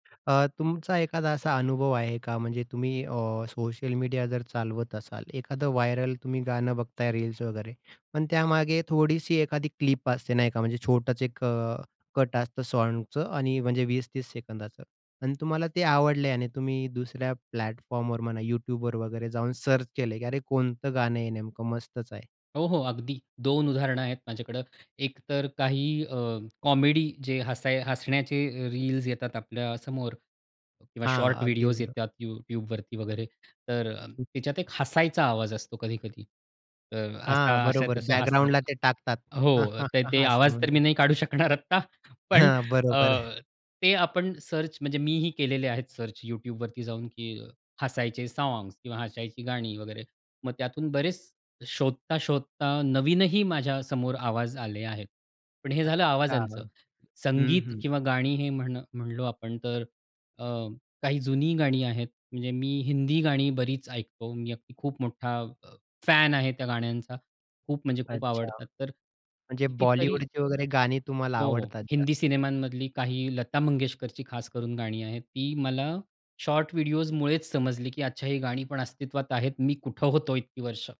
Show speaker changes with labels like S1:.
S1: अ, तुमचा एखादा असा अनुभव आहे का? म्हणजे तुम्ही अ, सोशल मीडिया जर चालवत असाल, एखादं व्हायरल तुम्ही गाणं बघताय रील्स वगैरे पण त्यामागे थोडीशी एखादी क्लिप असते नाही का, म्हणजे छोटंच एक अ, कट असतं साँगचं आणि म्हणजे 20-30 सेकंदांचं अन् तुम्हाला ते आवडलं आणि तुम्ही दुसऱ्या प्लॅटफॉर्मवर म्हणा YouTube वर वगैरे जाऊन सर्च केलंय की अरे कोणतं गाणं आहे नेमकं? मस्तच आहे.
S2: हो, हो. अगदी 2 उदाहरणं आहेत माझ्याकडे. एक तर काही अ, कॉमेडी जे हसाय हसण्याचे अ, रील्स येतात आपल्यासमोर किंवा
S1: हां,
S2: शॉर्ट
S1: अगदी
S2: व्हिडिओज
S1: बरोबर.
S2: येतात यू YouTube वरती वगैरे तर अ, त्याच्यात एक हसायचा आवाज असतो कधी-कधी. अ,
S1: हां,
S2: असा अशा
S1: बरोबर
S2: तस हसतात
S1: बॅकग्राऊंडला ते टाकतात.
S2: हो, तर ते
S1: असं
S2: आवाज तर मी
S1: म्हणत.
S2: नाही काढू शकणार आत्ता पण
S1: हं,
S2: अ,
S1: बरोबर.
S2: ते आपण सर्च म्हणजे मीही केलेले आहेत सर्च YouTubeवरती जाऊन की हसायचे साँग्स किंवा हसायची गाणी वगैरे मग त्यातून बरेच शोधता-शोधता नवीनही माझ्यासमोर आवाज आले आहेत. पण हे झालं
S1: अच्छा. हां.
S2: आवाजांचं.
S1: हं,
S2: संगीत
S1: हं.
S2: किंवा गाणी हे म्हण म्हणलो आपण तर अ, काही जुनी गाणी आहेत. म्हणजे मी हिंदी गाणी बरीच ऐकतो. मी अगदी खूप मोठा अ, फॅन आहे त्या गाण्यांचा. खूप म्हणजे खूप
S1: अच्छा.
S2: आवडतात तर
S1: म्हणजे
S2: कितीतरी
S1: बॉलिवूडची वगैरे गाणी तुम्हाला
S2: हो, हो.
S1: आवडतात
S2: हिंदी
S1: जास्त.
S2: सिनेमांमधली काही लता मंगेशकरची खास करून गाणी आहेत. ती मला शॉर्ट व्हिडिओस मुळेच समजली, की आज अच्छा ही गाणी पण अस्तित्वात आहेत. मी कुठे होतो इतकी वर्ष?